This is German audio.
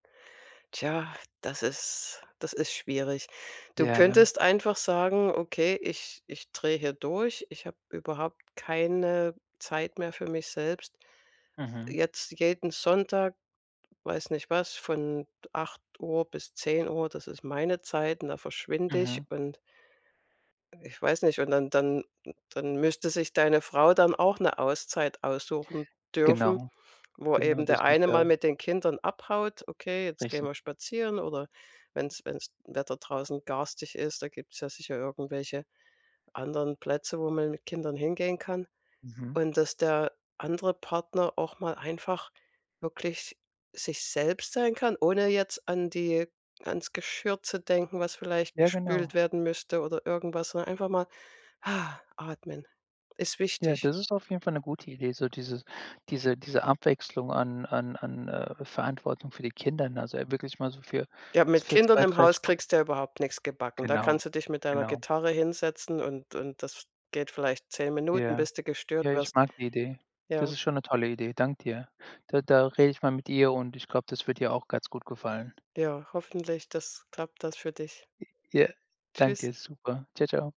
Tja, das ist das ist schwierig. Du Ja, ne? könntest einfach sagen: „Okay, ich ich dreh hier durch. Ich hab überhaupt keine Zeit mehr für mich selbst. Mhm. Jetzt, jeden Sonntag, weiß nicht was, von 8:00 bis 10:00, das ist meine Zeit, und da verschwinde ich“ Mhm. und ich weiß nicht. Und dann dann dann müsste sich deine Frau dann auch 'ne Auszeit aussuchen dürfen, Genau, wo genau, eben das der muss eine mal der mit den Kindern abhaut: „Okay, jetzt gehen Richtig. wir spazieren“ oder wenn's wenn's Wetter draußen garstig ist, da gibt's ja sicher irgendwelche anderen Plätze, wo man mit Kindern hingehen kann. Mhm. Und, dass der andere Partner auch mal einfach wirklich sich selbst sein kann, ohne jetzt an die ans Geschirr zu denken, was vielleicht Ja, gespült genau. werden müsste oder irgendwas, sondern einfach mal atmen. Ist Ja, wichtig. das ist auf jeden Fall 'ne gute Idee, so diese diese diese Abwechslung an an an, äh, Verantwortung für die Kinder, ne? Also, äh, wirklich mal so für Ja, so mit für Kindern 2, im 3 Haus Stun kriegst du ja überhaupt nix gebacken. Da Genau, kannst du dich mit deiner genau. Gitarre hinsetzen und und das geht vielleicht 10 Minuten, Ja. bis du Ja, gestört ich wirst. mag die Idee. Das Ja. ist schon 'ne tolle Idee. Dank dir. Da da rede ich mal mit ihr und ich glaube, das wird ihr auch ganz gut gefallen. Ja, hoffentlich, das klappt das für dich. Ja, dank Tschüss. dir. Super. Tschau, tschau.